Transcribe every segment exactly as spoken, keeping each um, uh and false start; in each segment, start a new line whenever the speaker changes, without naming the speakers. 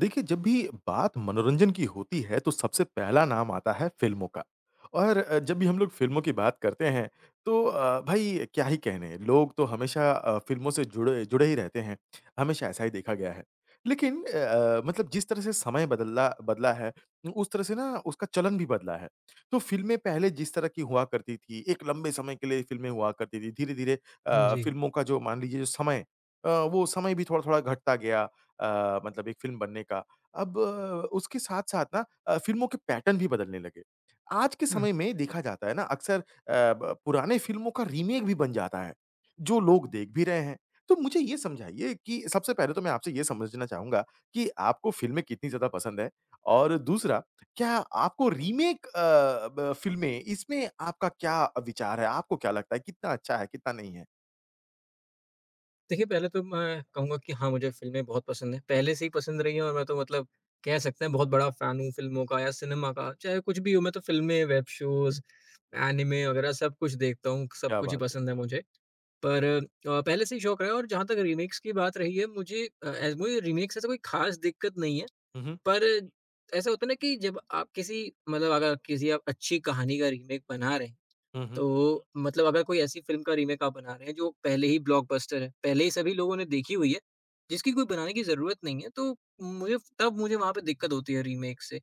देखिए जब भी बात मनोरंजन की होती है तो सबसे पहला नाम आता है फ़िल्मों का और अ, जब भी हम लोग फ़िल्मों की बात करते हैं तो अ, भाई क्या ही कहने लोग तो हमेशा अ, फ़िल्मों से जुड़े जुड़े ही रहते हैं, हमेशा ऐसा ही देखा गया है। लेकिन अ अ, मतलब जिस तरह से समय बदला बदला है उ उस तरह से ना उसका चलन भी बदला है। तो फ़िल्में पहले जिस तरह की हुआ करती थी एक लंबे समय के लिए फ़िल्में हुआ करती थी, धीरे-धीरे
हुँ,
अ,
जी।
फ़िल्मों का जो मान लीजिए समय अ, वो समय भी थोड़ा-थोड़ा घटता गया अ, मतलब एक फ़िल्म बनने का, अब उसके साथ-साथ ना अ, फ़िल्मों के पैटर्न भी बदलने लगे। आज के
हुँ।
समय में देखा जाता है ना अक्सर अ, ब पुराने फ़िल्मों का रीमेक भी बन जाता है, जो लोग देख भी रहे हैं। तो मुझे ये समझाइए कि सबसे पहले तो मैं आपसे ये समझना चाहूँगा कि आपको फ़िल्में कितनी ज़्यादा पसंद है? और दूसरा, क्या आपको रीमेक अ, ब फ़िल्में इसमें आपका क्या विचार है? आपको क्या लगता है कितना अच्छा है, कितना नहीं है?
देखिए पहले तो मैं कहूँगा कि हाँ, मुझे फ़िल्में बहुत पसंद हैं पहले से ही पसंद रही हैं और मैं तो मतलब कह सकते हैं बहुत बड़ा फ़ैन हूँ फ़िल्मों का या सिनेमा का, चाहे कुछ भी हो मैं तो फ़िल्में, वेब शोज़, एनिमे वगैरह सब कुछ देखता हूँ, सब
क्या
कुछ ही
बात है।
पसंद है मुझे। पर अ, पहले से ही शौक रहा है और जहाँ तक रीमेक्स की बात रही है मुझे अ, ए मुझे रीमेक से ऐसा कोई खास दिक्कत नहीं है।
हुँ, हुँ।
पर ऐसा होता है ना कि जब आप किसी मतलब अगर किसी आप अच्छी कहानी का रीमेक बना रहे हैं,
हुँ, हुँ।
तो मतलब अगर कोई ऐसी फ़िल्म का रीमेक आप बना रहे हैं जो पहले ही ब्लॉकबस्टर है, पहले ही सभी लोगों ने देखी हुई है, जिसकी कोई बनाने की जरूरत नहीं है तो उम, मुझे, तब मुझे वहाँ पे दिक्कत होती है रीमेक से।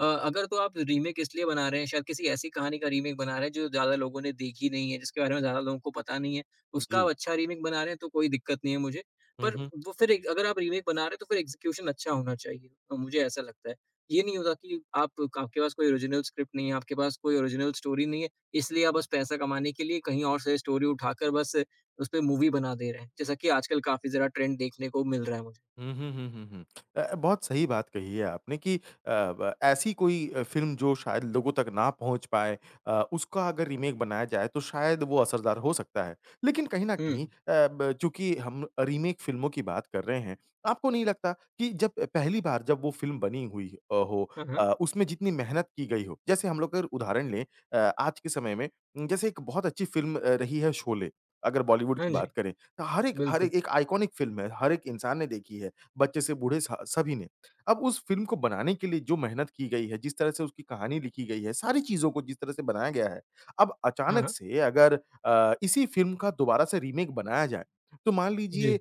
अ, अगर तो आप रीमेक इसलिए बना रहे हैं, शायद किसी ऐसी कहानी का रीमेक बना रहे हैं जो ज़्यादा लोगों ने देखी नहीं है, जिसके बारे में ज़्यादा लोगों को पता नहीं है, उसका आप
जी।
अच्छा रीमेक बना रहे हैं तो कोई दिक्कत नहीं है मुझे।
हुँ,
पर
हुँ।
वो फिर एक अगर आप रीमेक बना रहे हो तो फिर एग्ज़िक्यूशन अच्छा होना चाहिए। अ, मुझे ऐसा लगता है। ये नहीं होता कि आप क आपके पास कोई ओरिजिनल स्क्रिप्ट नहीं है, आपके पास कोई ओरिजिनल स्टोरी नहीं है, इसलिए आप बस पैसा कमाने के लिए कहीं और से स्टोरी उठाकर बस उस पे मूवी बना दे रहे हैं, जैसा कि आजकल काफ़ी ज़रा ट्रेंड देखने को मिल रहा है मुझे।
हुँ, हुँ, हुँ, हुँ, हुँ। अ, बहुत सही बात कही है आपने कि अ, ब ऐसी कोई अ, फ़िल्म जो शायद लोगों तक ना पहुँच पाए अ, उसका अगर रीमेक बनाया जाए तो शायद वो असरदार हो सकता है। लेकिन कहीं न कहीं अ,
हुँ।
ब चूँकि हम अ, रीमेक फ़िल्मों की बात कर रहे हैं, आपको नहीं लगता कि जब पहली बार जब वो फ़िल्म बनी हुई अ, हो
हाँ,
अ,
हाँ।
उसमें जितनी मेहनत की गई हो, जैसे हम लोग अगर उदाहरण लें अ, आज के समय में उम, जैसे एक बहुत अच्छी फ़िल्म अ, रही है शोले, अगर बॉलीवुड
हाँ
की
जी।
बात करें त हर एक, हर ए
बिल्कुल।
एक आइकोनिक फ़िल्म है, हर एक इंसान ने देखी है, बच्चे से बूढ़े स सभी ने। अब उस फ़िल्म को बनाने के लिए जो मेहनत की गई है, जिस तरह से उसकी कहानी लिखी गई है, सारी चीज़ों को जिस तरह से बनाया गया है, अब
हाँ,
अचानक
हाँ।
से अगर अ, इसी फ़िल्म का दोबारा से रीमेक बनाया जाए, तो मान अ,
जी।
लीजिए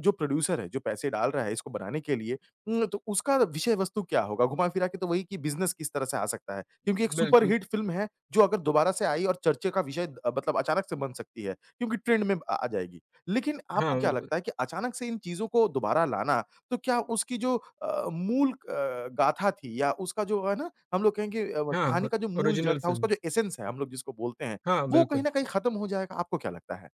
जो प्रोड्यूसर है, जो पैसे डाल रहा है इसको बनाने के लिए उम, तो उसका विषय वस्तु क्या होगा? घुमा-फिरा के तो वही कि बिज़नेस किस तरह से आ सकता है? क्योंकि एक
बिल्कुल।
सुपरहिट फ़िल्म है, जो अगर दोबारा से आई और चर्चे का विषय अ, मतलब अचानक से बन सकती है क्योंकि ट्रेंड में अ, आ जाएगी। लेकिन आपको
हाँ,
क्या
बिल्कुल।
लगता है कि अचानक से इन चीज़ों को दोबारा लाना, तो क्या उसकी जो अ, मूल अ, गाथा थी या उसका जो है ना हम लोग कहेंगे अ, व
हाँ,
कहानी
ओर
का जो मूल जड़
ओरिजिनल
था,
फ़िल्म।
उसका जो एसेंस है हम लोग जिसको बोलते हैं,
हाँ,
वो कहीं
बिल्कुल।
न कहीं खत्म हो जाएगा, आपको क्या लगता है?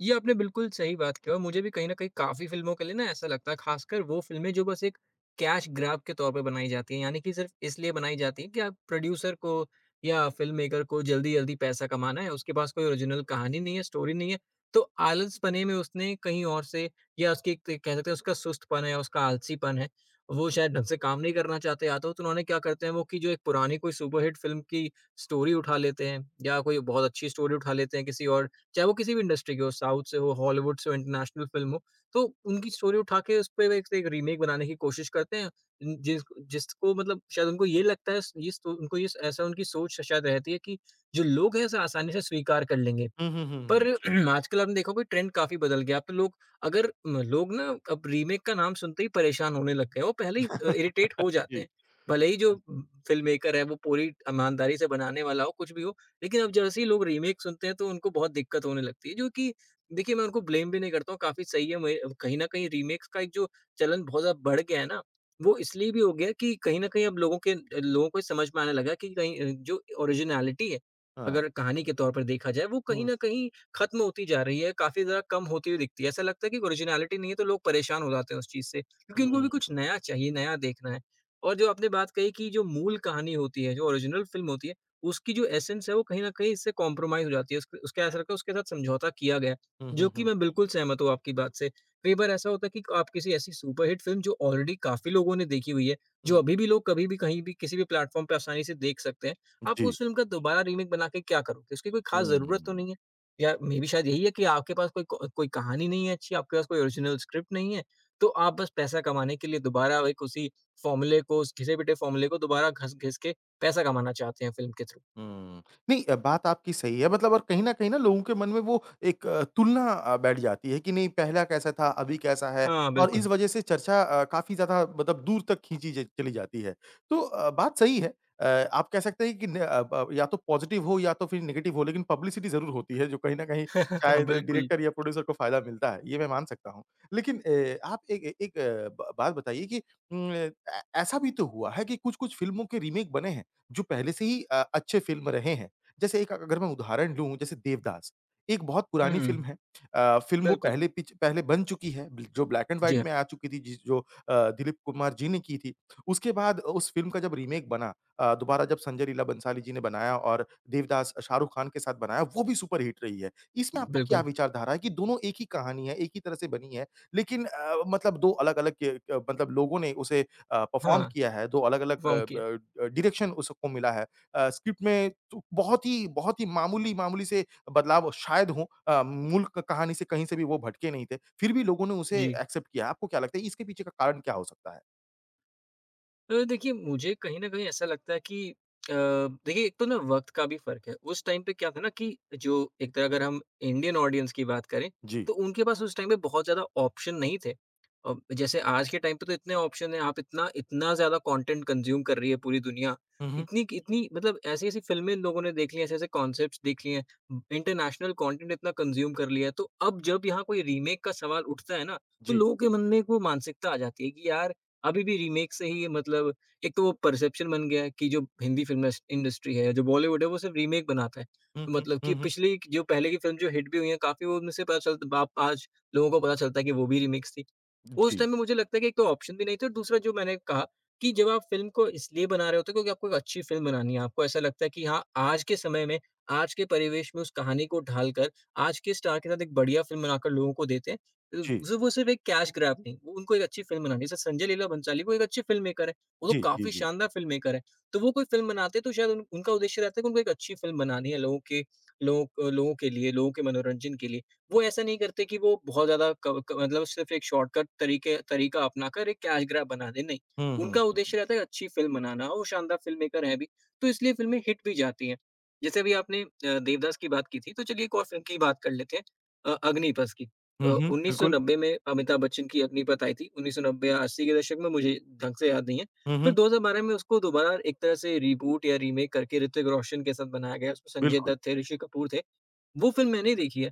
ये आपने बिल्कुल सही बात की है और मुझे भी कहीं न कहीं काफ़ी फिल्मों के लिए ना ऐसा लगता है, खासकर वो फिल्में जो बस एक कैश ग्रैब के तौर पर बनाई जाती हैं। यानी कि सिर्फ इसलिए बनाई जाती हैं कि आप प्रोड्यूसर को या फिल्ममेकर को जल्दी-जल्दी पैसा कमाना है। उसके पास कोई ओरिजिनल कहानी नहीं है, स्टोरी नहीं है। तो आलसपने में उसने कहीं और से या उसकी क कह सकते हैं उसका सुस्तपन है, उसका आलसीपन है। वो शायद ढंग से काम नहीं करना चाहते या तो त उन्होंने क्या करते हैं वो कि जो एक पुरानी कोई सुपर हिट फिल्म की स्टोरी उठा लेते हैं। या कोई बहुत अच्छी स्टोरी उठा लेते हैं किसी और चाहे वो किसी भी इंडस्ट्री की हो, साउथ से हो, हॉलीवुड से हो, इंटरनेशनल फिल्म हो। तो उनकी स्टोरी उठा के उस पर एक से एक रीमेक बनाने की कोशिश करते हैं। उन जिस जिसको मतलब शायद उनको ये लगता है, इस इस को उनको इस ऐसा उनकी सोच श शायद रहती है कि जो लोग हैं, ऐसा आसानी से स्वीकार कर लेंगे।
हुँ, हुँ, हुँ,
पर
हुँ।
आजकल आपने देखा होगा ट्रेंड काफ़ी बदल गया। अब लोग अगर म लोग ना अब रीमेक का नाम सुनते ही परेशान होने लग गए हैं। वो पहले ही अ, इरिटेट हो जाते हैं।
जी,
भले ही जो
हाँ।
फिल्ममेकर है वो पूरी एक ईमानदारी से बनाने वाला हो, कुछ भी हो। लेकिन अब जैसे ही लोग रीमेक सुनते हैं तो उनको बहुत दिक्कत होने लगती है, जो कि देखिए मैं उनको ब्लेम भी नहीं करता हूँ। काफ़ी सही है मुझे अ, कहीं न कहीं रीमेक्स का एक जो चलन बहुत ज़्यादा बढ़ गया है ना। वो इसलिए भी हो गया है कि कहीं न कहीं अब लोगों के अ, लोगों को ये समझ में आने लगा है कि कहीं अ, जो ओरिजिनैलिटी है,
हाँ।
अगर कहानी के तौर पर देखा जाए, वो कहीं
हुँ।
न कहीं खत्म होती जा रही है, काफ़ी ज़्यादा कम होती हुई दिखती है। ऐसा लगता है कि ओरिजिनैलिटी नहीं है तो लोग परेशान हो जाते हैं उस चीज़ से। क्योंकि उनको भी
हुँ।
कुछ नया चाहिए, नया देखना है। और जो आपने बात कही कि जो मूल कहानी होती है, जो ओरिजिनल फिल्म होती है, उसकी जो एसेंस है वो कहीं न कहीं इससे कॉम्प्रोमाइज़ हो जाती है। उसक उसके ऐसा लगता है, उसके साथ समझौता किया गया,
हुँ,
जो
हुँ,
कि
हुँ।
मैं बिल्कुल सहमत हूँ आपकी बात से। कई बार ऐसा होता है कि आप किसी ऐसी सुपर हिट फिल्म जो ऑलरेडी काफ़ी लोगों ने देखी हुई है। जो
हुँ।
अभी भी लोग कभी भी, कहीं भी, किसी भी प्लेटफॉर्म पे आसानी से देख सकते हैं। आप
जी।
उस फिल्म का दोबारा रीमेक बनाके क्या करोगे? उसकी कोई खास ज़रूरत तो
हुँ।
नहीं है। या मेबी शायद यही है कि आपके पास कोई को कोई कहानी नहीं है अच्छी, आपके पास कोई ओरिजिनल स्क्रिप्ट नहीं है। तो आप बस पैसा कमाने के लिए दोबारा एक उसी फॉर्मूले को, उस घिसे-पिटे फॉर्मूले को दोबारा घस घिस के पैसा कमाना चाहते हैं फिल्म के थ्रू।
हुँ। नहीं, बात आपकी सही है मतलब और कहीं न कहीं ना लोगों के मन में वो एक अ, तुलना अ, बैठ जाती है कि नहीं पहला कैसा था, अभी कैसा है
हाँ,
और इस
बिल्कुल।
वजह से चर्चा अ, काफ़ी ज़्यादा मतलब दूर तक खींची ज चली जाती है। तो अ, बात सही है अ, आप कह सकते हैं कि न अब अब या तो पॉज़िटिव हो या तो फिर नेगेटिव हो लेकिन पब्लिसिटी ज़रूर होती है। जो कहीं न कहीं शायद
बिल्कुल।
डायरेक्टर या प्रोड्यूसर को फायदा मिलता है, ये मैं मान सकता हूँ। लेकिन ए आप एक ए एक ब बात बताइए कि उम अ, ऐ ऐसा भी तो हुआ है कि कुछ-कुछ फिल्मों के रीमीक बने हैं, जो पहले से ही अ, अच्छे फिल्म रहे हैं। जैसे एक अ, अगर मैं उदाहरण दूँ जैसे देवदास एक बहुत पुरानी
हुँ,
फिल्म है। अ, फिल्म वो
बिल्कुल।
पहले पिच पहले बन चुकी है बिल जो ब्लैक एंड
जी,
व्हाइट में
हाँ।
आ चुकी थी, जिस जो अ, दिलीप कुमार जी ने की थी। उसके बाद उस फिल्म का जब रीमेक बना अ, दोबारा जब संजय लीला भंसाली जी ने बनाया और देवदास अ, शाहरुख खान के साथ बनाया, वो भी सुपरहिट रही है। इसमें आपका क्या
बिल्कुल।
विचारधारा है कि दोनों एक ही कहानी है, एक ही तरह से बनी है लेकिन अ अ, मतलब दो अलग-अलग ये अ, मतलब लोगों ने उसे अ, परफॉर्म
हाँ,
किया है। दो अलग-अलग
वो
अ,
क्या?
ब अ, डायरेक्शन उस सबको मिला है। अ, स्क्रिप्ट में चु बहुत ही, बहुत ही मामूली, मामूली से बदलाव अ, शायद हों। अ, मूल क कहानी से कहीं से भी वो भटके नहीं थे फिर भी लोगों ने उसे
जी।
एक्सेप्ट किया। आपको क्या लगता है इसके पीछे का कारण क्या हो सकता है?
अ, देखिए, मुझे कहीं न कहीं ऐसा लगता है कि अ, देखिए एक तो ना वक़्त का भी फ़र्क है। उस टाइम पे क्या था ना कि जो एक तरह अगर हम इंडियन ऑडियंस की बात करें,
जी।
तो उनके पास उस टाइम पे बहुत ज़्यादा ऑप्शन नहीं थे। अ, जैसे आज के टाइम पे तो इतने ऑप्शन हैं, आप इतना-इतना ज़्यादा कंटेंट कंज़्यूम कर रही है पूरी दुनिया।
हुँ, हुँ।
इतनी इतनी मतलब ऐसी-ऐसी फिल्में इन लोगों ने देख ली हैं, ऐसे-ऐसे कांसेप्ट्स देख लिए हैं, इंटरनेशनल कंटेंट इतना कंज़्यूम कर लिया है तो अब जब यहाँ कोई रीमेक का सवाल उठता है ना, तो
जी।
लोगों के मन में वो एक मानसिकता आ जाती है कि यार, अभी भी रीमेक से ही मतलब, एक तो वो परसेप्शन बन गया है कि जो हिंदी फ़िल्म इंडस्ट्री है, जो बॉलीवुड है वो सिर्फ रीमेक बनाता है।
हुँ, हुँ।
मतलब
हुँ,
कि
हुँ।
पिछले जो पहले की फ़िल्म जो हिट भी हुई हैं, काफ़ी वो उनमें से पता चलता है बाद आज लोगों को पता चलता है कि वो भी रिमिक्स थी, उस
जी।
टाइम पे मुझे लगता है कि एक तो ऑप्शन भी नहीं थे और दूसरा जो मैंने कहा, कि जब आप फ़िल्म को इसलिए बना रहे होते हो क्योंकि आपको एक अच्छी फ़िल्म बनानी है आपको ऐसा लगता है कि हाँ आज के समय में, आज के परिवेश में उस कहानी को ढालकर, आज के स्टार के साथ एक बढ़िया फ़िल्म बनाकर लोगों को देते हैं, उ
जी।
वो सब वो सिर्फ एक कैश ग्रैब नहीं, वो उनको एक अच्छी फ़िल्म बनानी है। जैसे संजय लीला भंसाली वो एक अच्छे फ़िल्ममेकर हैं, वो तो
जी। जी,
काफ़ी
जी।
शानदार फ़िल्ममेकर हैं। तो वो कोई फ़िल्म बनाते हैं तो शायद उनका उद्देश्य रहता है कि उनको एक अच्छी फ़िल्म बनानी है लोगों के लोग लोगों के लिए, लोगों के मनोरंजन के लिए। वो ऐसा नहीं करते कि वो बहुत ज़्यादा क क मतलब सिर्फ एक शॉर्टकट तरीके तरीका अपना कर एक कैश ग्रैब बना दें नहीं,
हुँ, हुँ,
उनका
हुँ, हुँ।
उद्देश्य रहता है अच्छी फ़िल्म बनाना, वो शानदार फ़िल्ममेकर हैं भी, तो इसलिए फिल्में हिट भी जाती है। जैसे अभी आपने अ, देवदास की बात की थी तो चलिए एक और फ़िल्म की ही बात कर लेते हैं अ, अग्निपथ की। अ,
हुँ, हुँ,
उन्नीस सौ
बिल्कुल।
नब्बे में अमिताभ बच्चन की अग्निपथ आई थी, उन्नीस सौ नब्बे या अस्सी के दशक में, मुझे ढंग से याद नहीं है,
हुँ,
फिर
हुँ।
दो हज़ार बारह में उसको दोबारा एक तरह से रीबूट या रीमेक करके ऋतिक रोशन के साथ बनाया गया उसमें संजय
बिल्कुल।
दत्त थे, ऋषि कपूर थे, वो फ़िल्म मैंने देखी है।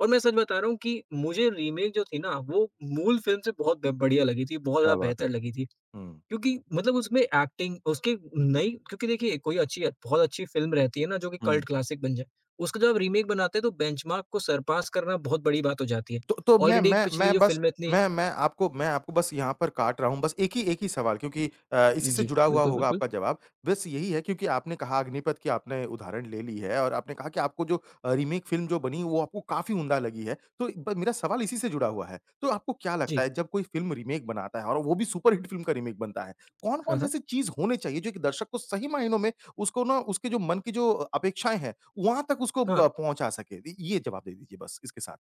और मैं सच बता रहा हूँ कि मुझे रीमेक जो थी ना वो मूल फ़िल्म से बहुत ब बढ़िया लगी थी, बहुत
क्या
ज़्यादा
बात है।
बेहतर लगी थी।
हुँ।
क्योंकि मतलब उसमें ऐक्टिंग उसकी नई क्योंकि देखिए कोई अच्छी है बहुत अच्छी फ़िल्म रहती है ना जो कि
हुँ।
कल्ट क्लासिक बन जाए, उसका जब आप रीमेक बनाते हैं तो बेंचमार्क को सरपास करना बहुत बड़ी बात हो जाती है,
तो मैं
ऑलरेडी
मैं
पिछली
मैं
जो
बस
फ़िल्म इतनी
मैं मैं आपको मैं आपको बस यहाँ पर काट रहा हूँ बस एक ही एक ही सवाल क्योंकि अ, इसी से
जी,
जुड़ा हुआ होगा
बिल्कुल-बिल्कुल।
आपका जवाब, बस यही है क्योंकि आपने कहा अग्निपथ की आपने उदाहरण ले ली है और आपने कहा कि आपको जो अ, रीमेक फ़िल्म जो बनी वो आपको काफ़ी उम्दा लगी है। तो ब मेरा सवाल इसी से जुड़ा हुआ है। तो आपको क्या लगता
जी।
है जब कोई फ़िल्म रीमेक बनाता है और वो भी सुपरहिट फ़िल्म का रीमेक बनता है,
हाँ,
कौन-कौन सी
हाँ।
ऐसी चीज होनी चाहिए जो कि दर्शक को सही मायनों में, उसको ना उसके जो मन की जो अपेक्षाएँ हैं वहाँ तक उसको अ,
हाँ।
पहुँचा सके द ये जवाब दे दीजिए बस इसके साथ।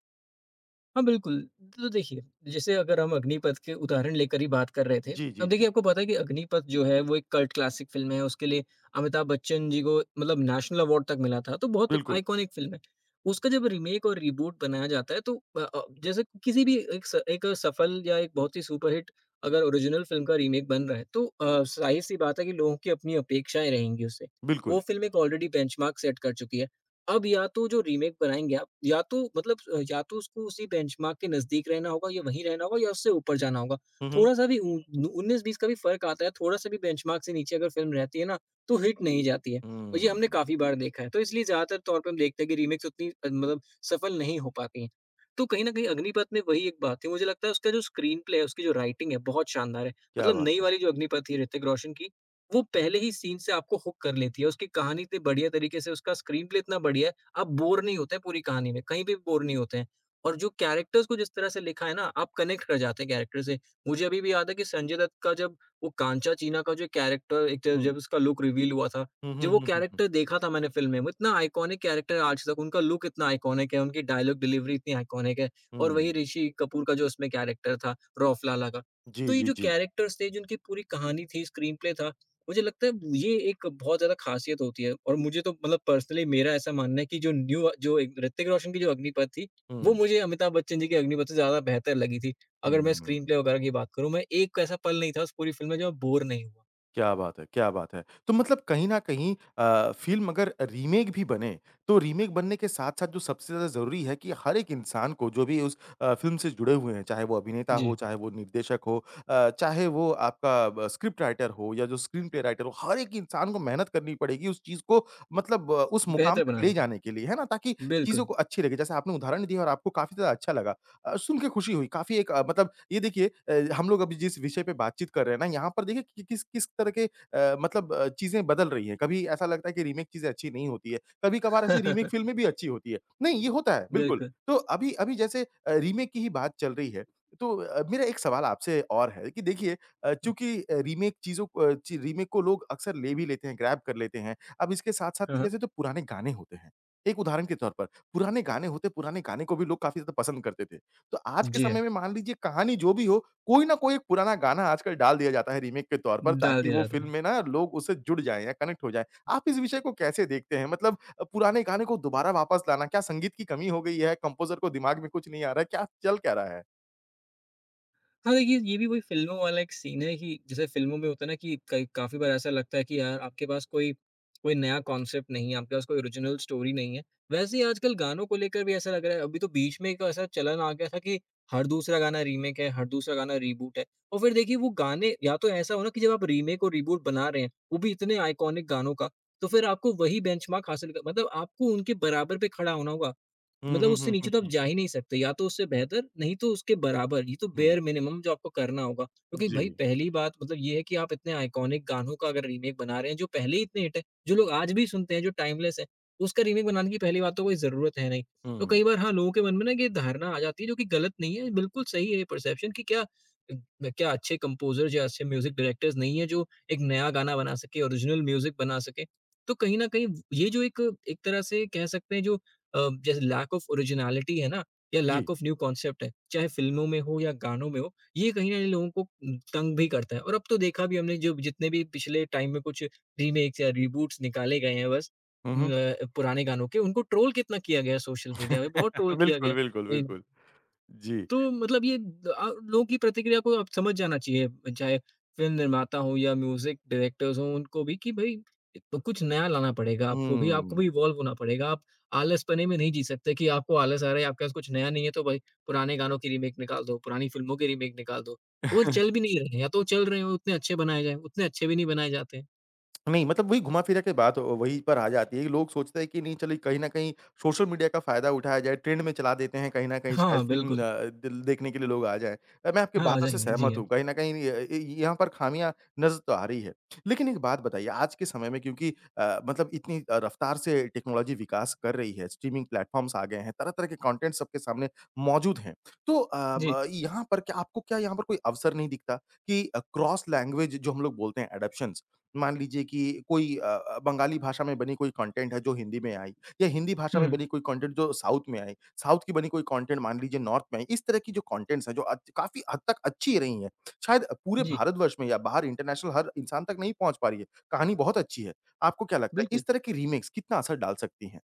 हाँ, बिल्कुल। तो देखिए, जैसे अगर हम अग्निपथ के उदाहरण लेकर ही बात कर रहे थे,
जी, जी,
अब
जी।
देखिए आपको पता है कि अग्निपथ जो है वो एक कल्ट क्लासिक फ़िल्म है उसके लिए अमिताभ बच्चन जी को मतलब नेशनल अवार्ड तक मिला था तो बहुत
बिल्कुल।
आइकॉनिक फ़िल्म है। उसका जब रीमेक और रिबूट बनाया जाता है तो अ अ, जैसे किसी भी एक स एक सफल या एक बहुत ही सुपरहिट अगर ओरिजिनल फ़िल्म का रीमेक बन रहा है तो अ, ज़ाहिर-सी बात है कि लोगों की अपनी अपेक्षाएँ रहेंगी उससे,
बिल्कुल।
वो फ़िल्म एक ऑलरेडी बेंचमार्क सेट कर चुकी है। अब या तो जो रीमेक बनाएँगे आप या तो मतलब या तो उसको उसी बेंचमार्क के नज़दीक रहना होगा या वहीं रहना होगा या उससे ऊपर जाना होगा।
हुँ, हुँ।
थोड़ा-सा भी उ उन्नीस बीस का भी फ़र्क आता है। थोड़ा-सा भी बेंचमार्क से नीचे अगर फ़िल्म रहती है ना तो हिट नहीं जाती है और
हुँ,
ये हमने
हुँ।
काफ़ी बार देखा है। तो इसलिए ज़्यादातर तौर पर हम देखते हैं कि रीमेक उतनी मतलब सफल नहीं हो पाती हैं। तो कहीं न कहीं अग्निपथ में वही एक बात थी मुझे लगता है उसका जो स्क्रीनप्ले है, उसकी जो राइटिंग है बहुत शानदार है,
क्या
मतलब
बात
नई
है!
वाली जो अग्निपथ थी ऋतिक रोशन की, वो पहले ही सीन से आपको हूक कर लेती है, उसकी कहानी इतने बढ़िया तरीके से उसका स्क्रीनप्ले इतना बढ़िया है, आप बोर नहीं होते पूरी कहानी में, कहीं भी बोर नहीं होते हैं। और जो कैरेक्टर्स को जिस तरह से लिखा है ना, आप कनेक्ट कर जाते हैं कैरेक्टर से, मुझे अभी भी याद है कि संजय दत्त का जब वो कांचा चीना का जो कैरेक्टर एक तरह
हुँ।
जब उसका लुक रिवील हुआ था,
हुँ, हुँ,
जब वो
हुँ, हुँ, हुँ।
कैरेक्टर देखा था मैंने फ़िल्म में, उतना आइकॉनिक कैरेक्टर है आज तक, उनका लुक इतना आइकॉनिक है, उनकी डायलॉग डिलीवरी इतनी आइकॉनिक है और वही
हुँ।
ऋषि कपूर का जो उसमें कैरेक्टर था रफ लाला का।
जी,
तो ये
जी,
जो
जी।
कैरेक्टर्स थे जिनकी पूरी कहानी थी, स्क्रीनप्ले था, मुझे लगता है ये एक बहुत ज़्यादा खासियत होती है और मुझे तो मतलब पर्सनली मेरा ऐसा मानना है कि जो न्यू जो एक ऋतिक रोशन की जो अग्निपथ थी, वो
हुँ।
मुझे अमिताभ बच्चन जी की अग्निपथ से ज़्यादा बेहतर लगी थी।
हुँ,
अगर मैं
हुँ।
स्क्रीनप्ले वगैरह की बात करूँ मैं एक ऐसा पल नहीं था उस पूरी फ़िल्म में जब मैं बोर नहीं हुआ।
क्या बात है क्या बात है। तो मतलब कहीं न कहीं अ, फ़िल्म अगर रीमेक भी बने तो रीमेक बनने के साथ-साथ जो सबसे ज़्यादा ज़रूरी है कि हर एक इंसान को जो भी उस अ, फ़िल्म से जुड़े हुए हैं, चाहे वो अभिनेता हो,
जी।
चाहे वो निर्देशक हो, अ, चाहे वो आपका ब स्क्रिप्ट राइटर हो या जो स्क्रीन पे राइटर हो, हर एक इंसान को मेहनत करनी पड़ेगी उस चीज़ को मतलब अ, उस मुकाम
बेहतर
तक ले
बनाने के
जाने के लिए। है ना? ताकि
लिए।
चीज़ों
बिल्कुल।
को अच्छी लगे, जैसे आपने उदाहरण दिया और आपको काफ़ी ज़्यादा अच्छा लगा। अ, सुनके खुशी हुई काफ़ी एक अ, मतलब ये देखिए अ, हम लोग अभी जिस विषय पे बातचीत कर रहे हैं ना यहाँ पर देखिए कि किस-किस तरह के अ, मतलब अ, चीज़ें बदल रही हैं, कभी ऐसा लगता है कि रीमेक चीज़ अच्छी नहीं होती है। कभी-कभार ऐसी रीमेक फ़िल्म भी अच्छी होती है। नहीं, ये होता है बिल्कुल
बिल्कुल।
तो अभी अभी जैसे अ, रीमेक की ही बात चल रही है तो अ, मेरा एक सवाल आपसे और है कि देखिए अ, चूंकि अ, रीमेक चीज़ों अ, रीमेक को लोग अक्सर ले भी लेते हैं, ग्रैब कर लेते हैं। अब इसके
हाँ,
साथ-साथ
हाँ।
जैसे तो पुराने गाने होते हैं, एक उदाहरण के तौर पर पुराने गाने होते हैं, पुराने गाने को भी लोग काफ़ी ज़्यादा पसंद करते थे। तो आज के
जी हाँ।
समय में मान लीजिए कहानी जो भी हो कोई ना कोई पुराना गाना आजकल डाल दिया जाता है रीमेक के तौर पर
डाल
ताकि
दिया
वो
जाता
फ़िल्म
है।
में ना लोग उससे जुड़ जाएँ या कनेक्ट हो जाएँ। आप इस विषय को कैसे देखते हैं, मतलब अ, पुराने गाने को दोबारा वापस लाना, क्या संगीत की कमी हो गई है, कम्पोज़र को दिमाग में कुछ नहीं आ रहा है, क्या चल क्या रहा है?
हाँ, ये ये भी कोई फ़िल्मों वाला एक सीन है कि जैसे फ़िल्मों में होता है ना कि कई काफ़ी बार ऐसा लगता है कि अ, आपके पास कोई कोई नया कॉन्सेप्ट नहीं है, आपके पास कोई ओरिजिनल स्टोरी नहीं है। वैसे ही आजकल गानों को लेकर भी ऐसा लग रहा है अभी तो बीच में एक ऐसा चलन आ गया था कि हर दूसरा गाना रीमेक है, हर दूसरा गाना रीबूट है। और फ़िर देखिए वो गाने या तो ऐसा हो ना कि जब आप रीमेक और रीबूट बना रहे हैं, वो भी इतने आइकॉनिक गानों का, तो फ़िर आपको वही बेंचमार्क हासिल कर मतलब आपको उनके बराबर पे खड़ा होना होगा,
हुँ,
मतलब
हुँ,
उससे
हुँ, हुँ,
नीचे तो आप
हुँ।
जा ही नहीं सकते या तो उससे बेहतर, नहीं तो उसके बराबर ये तो
हुँ।
बेयर मिनिमम जो आपको करना होगा क्योंकि भई
जी।
पहली बात मतलब ये है कि आप इतने आइकॉनिक गानों का अगर रीमेक बना रहे हैं जो पहले ही इतने हिट हैं, जो लोग आज भी सुनते है, जो टाइमलेस हैं, उसका रीमेक बनाने की पहली बात तो कोई ज़रूरत है नहीं। तो
हुँ।
कई बार हाँ, लोगों के मन में ना ये धारणा आ जाती है जो कि ग़लत नहीं है बिल्कुल सही है ये परसेप्शन कि क्या उम, ब क्या अच्छे कम्पोज़र या अच्छे म्यूज़िक डायरेक्टर नहीं है जो एक नया गाना बना सके, ओरिजनल म्यूज़िक बना सके। तो कहीं न कहीं ये जो एक एक तरह से कह सकते हैं जो अ, जैसे लैक ऑफ ओरिजिनैलिटी है ना? या
जी।
लैक ऑफ़ न्यू कॉन्सेप्ट है, चाहे फिल्मों में हो या गानों में हो, ये कहीं न कहीं लोगों को उम, तंग भी करता है और अब तो देखा भी हमने जो जितने भी पिछले टाइम में कुछ रीमेक्स या रीबूट्स निकाले गए हैं बस
हुँ,
उम
हुँ।
अ, पुराने गानों के उनको ट्रोल कितना किया गया सोशल मेडिया में बहुत ट्रोल किया
बिल्कुल,
गया।
बिल्कुल,
इम
बिल्कुल, जी।
तो मतलब ये अ, लोगों की प्रतिक्रिया को अब समझ जाना चाहिए अ, चाहे फ़िल्म निर्माता हों या म्यूज़िक डायरेक्टर्स हों उनको भी कि भई अ, तो कुछ नया लाना पड़ेगा आपको भी, आपको
हम्म।
भी इवॉल्व होना पड़ेगा आप आलसपने में नहीं जी सकते कि आपको आलस आ रहा है या आपके पास कुछ नया नहीं है तो भई पुराने गानों की रीमेक निकाल दो पुरानी फिल्मों की रीमेक निकाल दो। वो चल भी नहीं रहे हैं या तो वो चल रहे हों उतने अच्छे बनाए गए, उतने अच्छे भी नहीं बनाए जाते हैं।
नहीं, मतलब वही घुमा-फ़िरा के बात व वहीं पर आ जाती है कि लोग सोचते हैं कि नहीं चलिए कहीं न कहीं सोशल मीडिया का फ़ायदा उठाया जाए, ट्रेंड में चला देते हैं कहीं न कहीं शायद
हाँ,
फ़िल्म
बिल्कुल।
अ, द देखने के लिए लोग आ जाए। मैं आपकी
हाँ, आ
बातों से
जाएँगे। जी
सहमत
हाँ।
हूँ, कहीं न कहीं य ये यहाँ पर खामियाँ नज़र तो आ रही है। लेकिन एक बात बताइए आज के समय में क्योंकि अ, मतलब इतनी रफ्तार से टेक्नोलॉजी विकास कर रही है, स्ट्रीमिंग प्लेटफॉर्म्स आ गए हैं, तरह-तरह के कॉन्टेंट सबके सामने मौजूद हैं। तो अ,
जी।
ब यहाँ पर क्या आपको क्या यहाँ पर कोई अवसर नहीं दिखता कि क्रॉस लैंग्वेज जो हम लोग बोलते हैं अडॉप्शंस। मान लीजिए कि अ अ, कोई बंगाली भाषा में बनी कोई कॉन्टेंट है जो हिंदी में आई या हिंदी भाषा में
हुँ।
बनी कोई कॉन्टेंट जो साउथ में आई, साउथ की बनी कोई कॉन्टेंट मान लीजिए नॉर्थ में आई, इस तरह की जो कॉन्टेंट्स हैं जो अ, काफ़ी हद तक अच्छी रही हैं। शायद पूरे
जी।
भारतवर्ष में या बाहर इंटरनेशनल हर इंसान तक नहीं पहुँच पा रही है, कहानी बहुत अच्छी है। आपको क्या लगता है
बिल्कुल।।
इस तरह की रीमेक्स कितना असर डाल सकती हैं?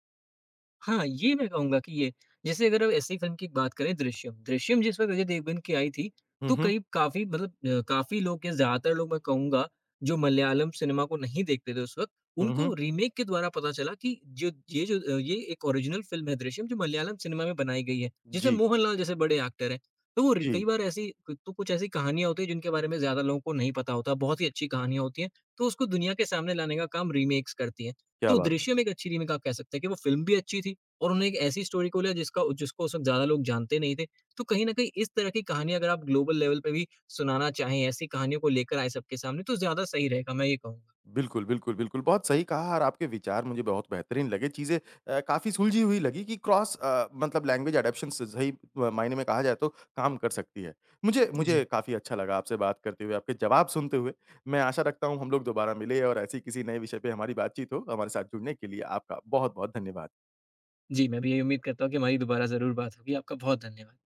हाँ, ये मैं कहूँगा कि ये जैसे अगर हम ऐसी फ़िल्म की एक बात करें दृश्यम, दृश्यम जिसमें अजय देवगन की आई थी
हुँ,
तो
हुँ।
कहीं काफ़ी मतलब अ, काफ़ी लोग या ज़्यादातर लोग मैं कहूँगा, जो मलयालम सिनेमा को नहीं देखते थे उस वक़्त,
हुँ,
उनको
हुँ।
रीमेक के द्वारा पता चला कि जो ये जो ये एक ओरिजिनल फ़िल्म है दृश्यम जो मलयालम सिनेमा में बनाई गई है। जिसमें
जी।
मोहनलाल जैसे बड़े एक्टर हैं। तो र
जी।
कई बार ऐसी तो कुछ ऐसी कहानियाँ होती हैं जिनके बारे में ज़्यादा लोगों को नहीं पता होता। बहुत ही अच्छी कहानियाँ होती हैं, तो उसको दुनिया के सामने लाने का काम रीमेक्स करती हैं।
क्या
तो
बात है।
दृश्यम एक अच्छी रीमेक आप कह सकते हैं कि वो फ़िल्म भी अच्छी थी और उन्होंने एक ऐसी स्टोरी को लिया जिसका जिसको उस वक़्त ज़्यादा लोग जानते नहीं थे। तो कहीं न कहीं इस तरह की कहानियाँ अगर आप ग्लोबल लेवल पे भी सुनाना चाहें, ऐसी कहानियों को लेके आए सबके सामने, तो ज़्यादा सही रहेगा मैं ये कहूँगा।
बिल्कुल, बिल्कुल, बिल्कुल। बहुत सही कहा और आपके विचार मुझे बहुत बेहतरीन लगे, चीज़ें अ, काफ़ी सुलझी हुई लगी कि क्रॉस अ, मतलब लैंग्वेज अडॉप्शंस स सही मायने में कहा जाए तो काम कर सकती है। मुझे मुझे
जी।
काफ़ी अच्छा लगा आपसे बात करते हुए, आपके जवाब सुनते हुए, मैं आशा रखता हूँ हम लोग दोबारा मिले और ऐसे ही किसी नए विषय पे हमारी बातचीत हो। हमारे साथ जुड़ने के लिए आपका बहुत-बहुत धन्यवाद।
जी, मैं भी यही उम्मीद करता हूँ कि हमारी दोबारा ज़रूर बात होगी। आपका बहुत धन्यवाद।